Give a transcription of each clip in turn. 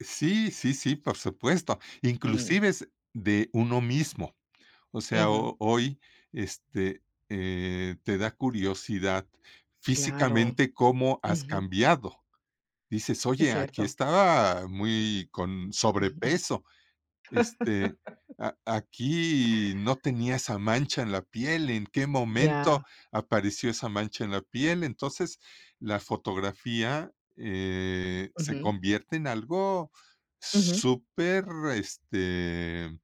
Sí, sí, sí, por supuesto, Mm. inclusives de uno mismo, o sea, Ujú. ho hoy, este, eh, te da curiosidad Claro, físicamente cómo has ujú. cambiado, dices: Es "Oye, aquí cierto. estaba, muy con sobrepeso, este, a aquí no tenía esa mancha en la piel, ¿en qué momento Ya. apareció esa mancha en la piel?", entonces, la fotografía, eh, se Ujú. convierte en algo, Ujú. súper, este, eh,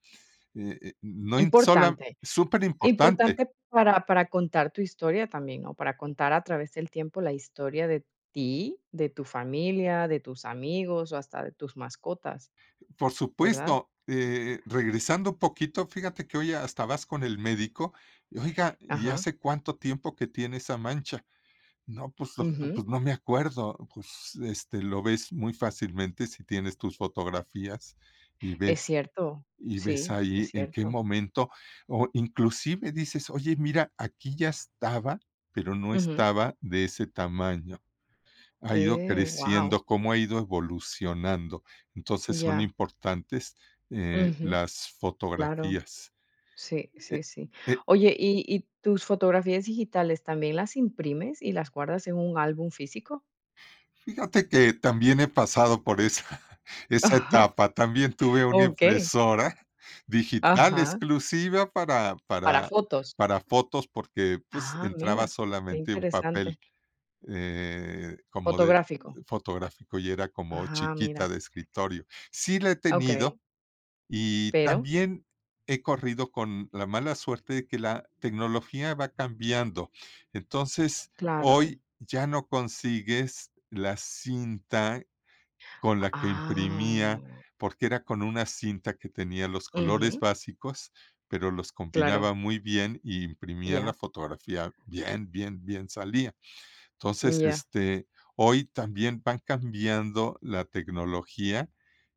eh, no sola Importante, superimportante. importante para para contar tu historia también, ¿no?, para contar, a través del tiempo la historia de ti, de tu familia, de tus amigos, o hasta de tus mascotas, Por ¿verdad? supuesto, eh, regresando poquito, fíjate que, hoy hasta vas con el médico: "Oiga, ¿y Ajá. hace cuánto tiempo que tiene esa mancha?", no, pues Ujú. pues no me acuerdo, pues, este, lo ves muy fácilmente si tienes tus fotografías y Es ves cierto, y ves sí, es ahí en qué cierto. momento, o inclusive dices: "Oye, mira, aquí ya estaba, pero no Ujú. estaba de ese tamaño, ha ido Eh, guau. creciendo, cómo ha ido evolucionando", entonces, son Ya. importantes, eh, Ujú, las claro, fotografías, sí, eh, sí, sí, eh oye, ¿y y tus fotografías digitales también las imprimes y las guardas en un álbum físico? Fíjate que, también he pasado por esa esa etapa, también tuve una Okey. impresora digital Ajá. exclusiva para ¿Para para fotos? para fotos, porque, pues, Ah, entraba mira, qué solamente un interesante. papel, eh, como de Fotográfico. fotográfico y era como Ajá, chiquita mira. de escritorio, sí la he Okey. tenido y ¿Pero? también he corrido con la mala suerte de que la tecnología va cambiando, entonces, Claro. hoy ya no consigues la cinta con la que imprimía, Ah. porque era con una cinta que tenía los colores Ujú. básicos, pero los Claro. combinaba muy bien y imprimía la Ya. fotografía bien, bien, bien salía, entonces, Mm, ya. este, hoy también van cambiando la tecnología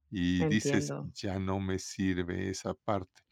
y dices, Entiendo. ya no me sirve esa parte.